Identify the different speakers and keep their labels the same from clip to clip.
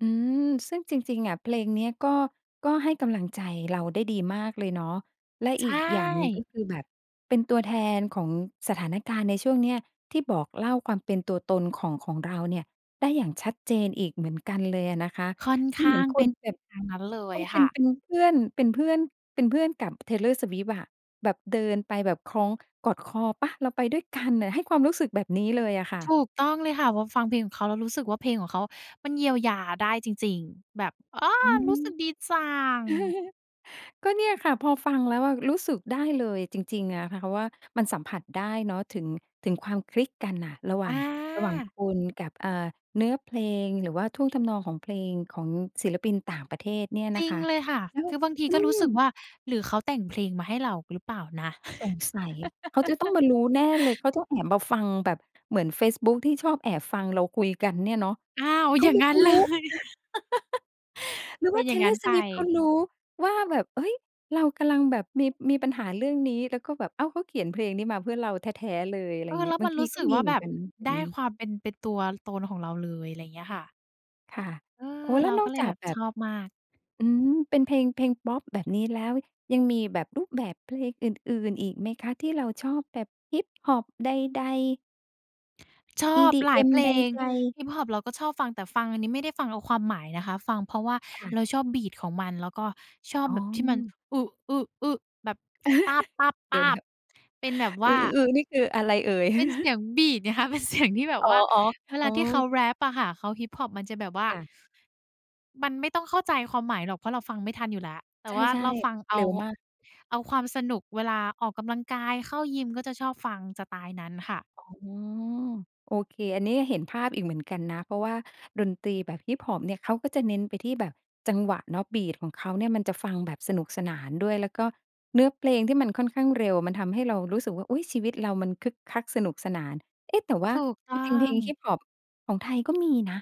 Speaker 1: อืม ซึ่งจริง ๆ อะ เพลงเนี้ยก็ ก็ให้กำลังใจเราได้ดีมากเลยเนาะ และ
Speaker 2: ใช
Speaker 1: อีกอย่างหนึ่งก็
Speaker 2: ่
Speaker 1: คือแบบเป็นตัวแทนของสถานการณ์ในช่วงเนี้ย ที่บอกเล่าความเป็นตัวตนของ ของเราเนี่ย ได้อย่างชัดเจนอีกเหมือนกันเลยอะนะคะ
Speaker 2: ค่อนข
Speaker 1: เหม
Speaker 2: ้
Speaker 1: ื
Speaker 2: า
Speaker 1: อน
Speaker 2: ง
Speaker 1: ค
Speaker 2: เป็
Speaker 1: น
Speaker 2: น
Speaker 1: แบบ
Speaker 2: ทางนั้นเล
Speaker 1: ก
Speaker 2: ย
Speaker 1: ็เป
Speaker 2: ค
Speaker 1: ็น
Speaker 2: ่ะ
Speaker 1: เป็นเพื่อน เป็นเพื่อน เป็นเพื่อนกับ Taylor Swift อะ แบบเดินไปแบบคล้อง กอดคอเปล่า เราไปด้วยกันน่ะ ให้ความรู้สึกแบบนี้เลยอะค่
Speaker 2: ถ
Speaker 1: ะ
Speaker 2: ูกต้องเลยค่ะ พอฟังเพลงของเขาแล้วรู้สึกว่าเพลงของเขามันเยียวยาได้จริง ๆ แบบ อา
Speaker 1: อืม
Speaker 2: รู้สึกดีจัง
Speaker 1: ก็เนี่ยค่ะ พอฟังแล้วอะรู้สึกได้เลยจริง ๆ อะค่ะ ว่ามันสัมผัสได้เนาะ ถึง ถึงความคลิกกันน่ะ ระหว่าง ระหว่าง
Speaker 2: อา
Speaker 1: คุณกับ อ่า เนื้อเพลง หรือว่าท่วงทำนองของเพลง ของศิลปินต่างประเทศเนี่ย
Speaker 2: จ
Speaker 1: นะ
Speaker 2: ริ
Speaker 1: ค
Speaker 2: ง
Speaker 1: ะ
Speaker 2: เลยค่ะ
Speaker 1: แล้ว
Speaker 2: คือบางที
Speaker 1: อื
Speaker 2: ก็รู้สึก
Speaker 1: ม
Speaker 2: ว่า หรือเขาแต่งเพลงมาให้เราหรือเปล่านะ?
Speaker 1: สงสัย เขาจะต้องมารู้แน่เลย เขาต้องแอบมาฟังแบบเหมือนเฟซบุ๊กที่ชอบแอบฟังเราคุยกันเนี่ยเนาะ
Speaker 2: อ้าว
Speaker 1: เข
Speaker 2: อย
Speaker 1: า
Speaker 2: ่าง
Speaker 1: รู้
Speaker 2: งั
Speaker 1: เ
Speaker 2: ้
Speaker 1: ข
Speaker 2: น
Speaker 1: า
Speaker 2: เ
Speaker 1: ร
Speaker 2: ล
Speaker 1: ู้
Speaker 2: ย
Speaker 1: หรือ
Speaker 2: เป
Speaker 1: ว่
Speaker 2: ็น
Speaker 1: า
Speaker 2: อย่างงั้น
Speaker 1: Taylor
Speaker 2: ไป
Speaker 1: Swift เขารู้ว่าแบบ เฮ้ย เรากำลังแบบมี มีปัญหาเรื่องนี้ แล้วก็แบบ อ้าว เขาเขียนเพลงนี้มาเพื่อเราแท้ ๆ เลย อะไร
Speaker 2: เอ
Speaker 1: อ
Speaker 2: ่
Speaker 1: ย่า
Speaker 2: อ
Speaker 1: งเงี
Speaker 2: แล
Speaker 1: ้ย
Speaker 2: ้ว
Speaker 1: บ
Speaker 2: ม
Speaker 1: า
Speaker 2: ั
Speaker 1: ง
Speaker 2: น
Speaker 1: ท
Speaker 2: ร
Speaker 1: ี
Speaker 2: ู้
Speaker 1: ก
Speaker 2: ส
Speaker 1: ็
Speaker 2: ึก
Speaker 1: มี
Speaker 2: ว่า
Speaker 1: เหม
Speaker 2: แ
Speaker 1: ือ
Speaker 2: บ
Speaker 1: น
Speaker 2: บ
Speaker 1: กันแบ
Speaker 2: ไ
Speaker 1: บ
Speaker 2: ด้
Speaker 1: นี้
Speaker 2: ความเป็น เป็นตัวตนของเราเลย อะไรอย่างเงี้ยค่ะ
Speaker 1: ค่ะ
Speaker 2: เออ
Speaker 1: โอ้ แล
Speaker 2: เ
Speaker 1: ้
Speaker 2: ร
Speaker 1: ว
Speaker 2: า
Speaker 1: น
Speaker 2: ก
Speaker 1: อ
Speaker 2: ็
Speaker 1: ก
Speaker 2: เล
Speaker 1: จ
Speaker 2: ย
Speaker 1: า
Speaker 2: แบ
Speaker 1: ก
Speaker 2: บ
Speaker 1: แบ
Speaker 2: ช
Speaker 1: บ
Speaker 2: อบมาก
Speaker 1: อืม เป็นเพลง เพลงพอปแบบนี้แล้ว ยังมีแบบรูปแบบเพลงอื่น ๆ อีกไหมคะที่เราชอบแบบ Hiphop ใด ๆ?
Speaker 2: ชอบหลาย
Speaker 1: EDM
Speaker 2: เพล
Speaker 1: ใด
Speaker 2: ง
Speaker 1: ๆ
Speaker 2: Hiphop เราก็ชอบฟัง แต่ฟังอันนี้ไม่ได้ฟังเอาความหมายนะคะ ฟังเพราะว่า
Speaker 1: ค่ะ
Speaker 2: เราชอบ Beat ของมัน แล้วก็ชอบ
Speaker 1: อ๋
Speaker 2: แ
Speaker 1: อ
Speaker 2: บบที่มัน แบ
Speaker 1: เดี๋ยว
Speaker 2: บ เป็นแบบว่า
Speaker 1: ๆ นี่คืออะไรเอ่ย?
Speaker 2: เป็นเสียง Beat ไงคะ เป็น เสียง ที่แบ
Speaker 1: อ
Speaker 2: บ
Speaker 1: ๋อ
Speaker 2: ว่า เว
Speaker 1: ๆ อ
Speaker 2: ล
Speaker 1: ๋
Speaker 2: าที่เขา
Speaker 1: อ
Speaker 2: แรปอะค่ะ เขา Hiphop มันจะแบบว่า
Speaker 1: ค่ะ
Speaker 2: มันไม่ต้องเข้าใจความหมายหรอก เพราะเราฟังไม่ทันอยู่แล้ว แต่
Speaker 1: ใช
Speaker 2: ว่า
Speaker 1: ่
Speaker 2: เราฟังเ
Speaker 1: ๆ
Speaker 2: อ
Speaker 1: เ
Speaker 2: า
Speaker 1: ร็วมาก
Speaker 2: เอาความสนุกเวลาออกกำลังกาย เข้ายิม ก็จะชอบฟังสไตล์นั้นค่ะ
Speaker 1: อ๋อ โอเค อันนี้เห็นภาพอีกเหมือนกันนะ เพราะว่าดนตรีแบบ Hip hop เนี่ย เขาก็จะเน้นไปที่แบบจังหวะเนาะ Beat ของเขาเนี่ย มันจะฟังแบบสนุกสนานด้วย แล้วก็เนื้อเพลงที่มันค่อนข้างเร็ว มันทำให้เรารู้สึกว่า "อุ๊ย! ชีวิตเรามันคึกคักสนุกสนาน" เอ๊ะ แต่ว่า
Speaker 2: ถูกต
Speaker 1: จ
Speaker 2: ้อ
Speaker 1: ริง ๆ เพลง
Speaker 2: ง
Speaker 1: Hip hop ของไทยก็มีนะ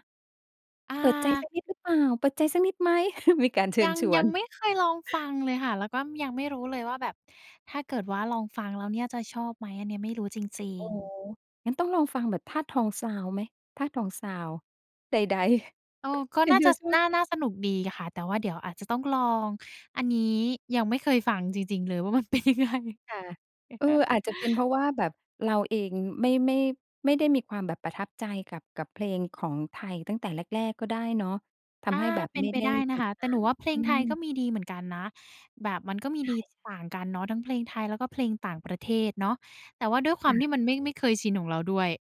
Speaker 2: อ่
Speaker 1: เปิดใจสั
Speaker 2: า
Speaker 1: กนิดหรือเปล่า เปิดใจสักนิดไหม? มีการเชิ
Speaker 2: ย
Speaker 1: ญ
Speaker 2: ัง
Speaker 1: ช
Speaker 2: ย
Speaker 1: ว
Speaker 2: ัง
Speaker 1: น
Speaker 2: ไม่เคยลองฟังเลยค่ะ แล้วก็ยังไม่รู้เลยว่าแบบถ้าเกิดว่าลองฟังแล้วเนี่ยจะชอบไหม อันเนี้ยไม่รู้จริ
Speaker 1: โอ
Speaker 2: ง
Speaker 1: ้โฮ
Speaker 2: ๆ
Speaker 1: งั้นต้องลองฟังแบบธาตุทองซาวด์ไหม? ธาตุทองซาวด์ ใด ๆ
Speaker 2: เออ ก็
Speaker 1: เห็
Speaker 2: น
Speaker 1: น
Speaker 2: ่า
Speaker 1: เธ
Speaker 2: จะ
Speaker 1: อ
Speaker 2: ส
Speaker 1: ชอ
Speaker 2: น
Speaker 1: บ
Speaker 2: ่า น่าสนุกดีค่ะ แต่ว่าเดี๋ยวอาจจะต้องลอง อันนี้ยังไม่เคยฟังจริง ๆ เลยว่า มันเป็นยังไง
Speaker 1: ค่ะ เอ่อ อาจจะเป็นเพราะว่าแบบเราเองไม่ ไม่ ไม่ได้มีความแบบประทับใจกับ กับเพลงของไทยตั้งแต่แรก ๆ ก็ได้เนาะ ท
Speaker 2: อ
Speaker 1: ำใ
Speaker 2: า
Speaker 1: ห้แบบ
Speaker 2: เป็
Speaker 1: ไ
Speaker 2: น
Speaker 1: ม่
Speaker 2: ไป
Speaker 1: ได้
Speaker 2: ได้น
Speaker 1: ต
Speaker 2: ะ
Speaker 1: ิ
Speaker 2: ค
Speaker 1: ด
Speaker 2: ะ
Speaker 1: ต
Speaker 2: แต
Speaker 1: า
Speaker 2: ่หนูว่า
Speaker 1: ม
Speaker 2: เพล
Speaker 1: อื
Speaker 2: งไทยก็
Speaker 1: ม
Speaker 2: มีดีเหมือนกันนะ แบบมันก็มี
Speaker 1: ใช
Speaker 2: ดี
Speaker 1: ่
Speaker 2: ต่า
Speaker 1: ๆ
Speaker 2: งกันเนาะ ทั้งเพลงไทย แล้วก็เพลงต่างประเทศเนาะ แต่ว่าด้วยคว
Speaker 1: ค
Speaker 2: ามที
Speaker 1: ่ะ
Speaker 2: ่มันไม่ ไม่เคยชินของเราด้วย